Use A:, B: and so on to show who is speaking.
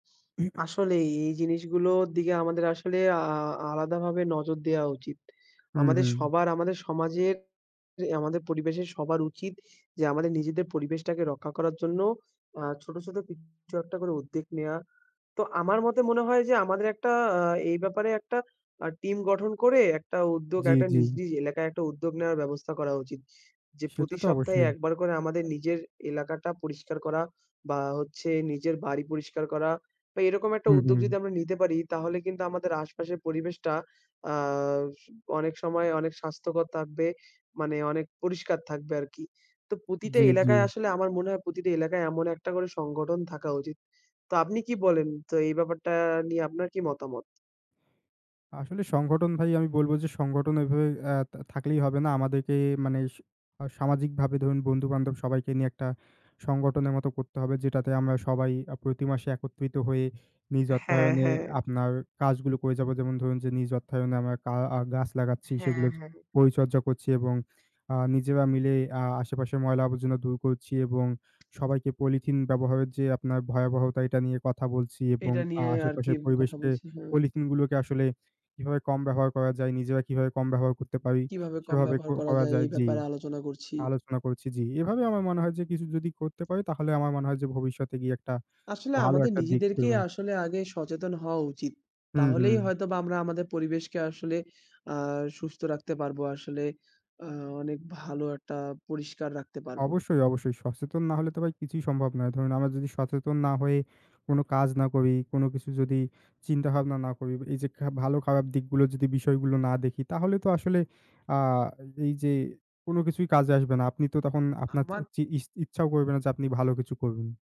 A: আসলেই এই জিনিসগুলোর দিকে আমাদের আসলে আ-আ-আলাদাভাবে নজর দেয়া উচিত।
B: হুম,
A: আমাদের
B: হুম।
A: সবার, আমাদের সমাজের আমাদের পরিবেশের সবার উচিত যে আমাদের নিজেদের পরিবেশটাকে রক্ষা করার জন্য আ ছোট, ছোট কিছু একটা করে উদ্যোগ নেয়া। তো আমার মতে মনে হয় যে আমাদের একটা আ এই ব্যাপারে একটা আ টিম গঠন করে একটা উদ্যোগ,
B: জি,
A: একটা
B: জি।
A: নিজ, নিজ এলাকায় একটা উদ্যোগ নেয়ার ব্যবস্থা করা উচিত। যে প্রতি
B: সেটাতো
A: সপ্তাহে
B: অবশ্যই।
A: একবার করে আমাদের নিজের এলাকাটা পরিষ্কার করা বা, হচ্ছে নিজের বাড়ি পরিষ্কার করা, তো এরকম একটা
B: হুম,
A: উদ্যোগ
B: হুম।
A: যদি আমরা নিতে পারি তাহলে কিন্তু আমাদের আশপাশের পরিবেশটা আ অনেক সময় অনেক স্বাস্থ্যকর থাকবে। মানে অনেক পরিষ্কার থাকবে আর কি। তো প্রতিটা
B: জি, জি।
A: এলাকায় আসলে আমার মনে হয় প্রতিটা এলাকায় এমন একটা করে সংগঠন থাকা উচিত। তো আপনি কি বলেন? তো এই ব্যাপারটা নিয়ে আপনার কি মতামত?
B: আসলে সংগঠন ভাই আমি বলব যে সংগঠন এভাবে এ থা-থাকলেই হবে না। আমাদেরকে মানে সামাজিকভাবে ধরুন বন্ধু-বান্ধব সবাইকে নিয়ে একটা সংগঠনের মতো করতে হবে যেটাতে আমরা সবাই আ প্রতি মাসে একত্রিত হয়ে নিজ
A: হ্যাঁ,
B: অর্থায়নে
A: হ্যাঁ।
B: আপনার কাজগুলো করে যাব। যেমন ধরুন যে নিজ অর্থায়নে আমরা কা আ গাছ লাগাচ্ছি,
A: হ্যাঁ,
B: সেগুলোর
A: হ্যাঁ।
B: পরিচর্যা করছি এবং আ নিজেরা মিলে আ আশেপাশের ময়লা-আবর্জনা দূর করছি এবং সবাইকে পলিথিন ব্যবহারের যে আপনার ভয়াবহতা এটা নিয়ে কথা বলছি এবং
A: এটা
B: আ
A: নিয়ে আর কি
B: আশেপাশের
A: কথা
B: পরিবেশকে
A: বলছি, হুম।
B: পলিথিনগুলোকে আসলে কিভাবে কম ব্যবহার করা যায়, নিজেরা কিভাবে কম ব্যবহার করতে পারি?
A: কিভাবে কম
B: সেভাবে
A: ব্যবহার করা
B: ক-করা
A: যায় এই
B: যায়, জি
A: ব্যাপারে আলোচনা করছি।
B: আলোচনা করছি। জি। এভাবে আমার মনে হয় যে কিছু যদি করতে পারি তাহলে আমার মনে হয় যে ভবিষ্যতে গিয়ে একটা
A: আসলে
B: ভালো
A: আমাদের
B: একটা দিক
A: নিজেদেরকেই
B: দেবে।
A: আসলে আগে সচেতন হওয়া উচিত।
B: হুম,
A: তাহলেই
B: হুম।
A: হয়তোবা আমরা আমাদের পরিবেশকে আসলে আ সুস্থ রাখতে পারবো। আসলে আ অনেক ভালো একটা পরিষ্কার রাখতে পারবো।
B: অবশ্যই, অবশ্যই সচেতন না হলে তো ভাই কিছুই সম্ভব না। ধরুন আমরা যদি সচেতন না হয়ে কোন কাজ না করি, কোন কিছু যদি চিন্তাভাবনা না করি, এই যে ভালো-খারাপ দিকগুলো যদি বিষয়গুলো না দেখি তাহলে তো আসলে আ এই যে কোন কিছুই কাজে আসবে না। আপনি তো তখন আপনার
A: আমার
B: চি-ইস-ইচ্ছাও করবেন না যে আপনি ভালো কিছু করবেন।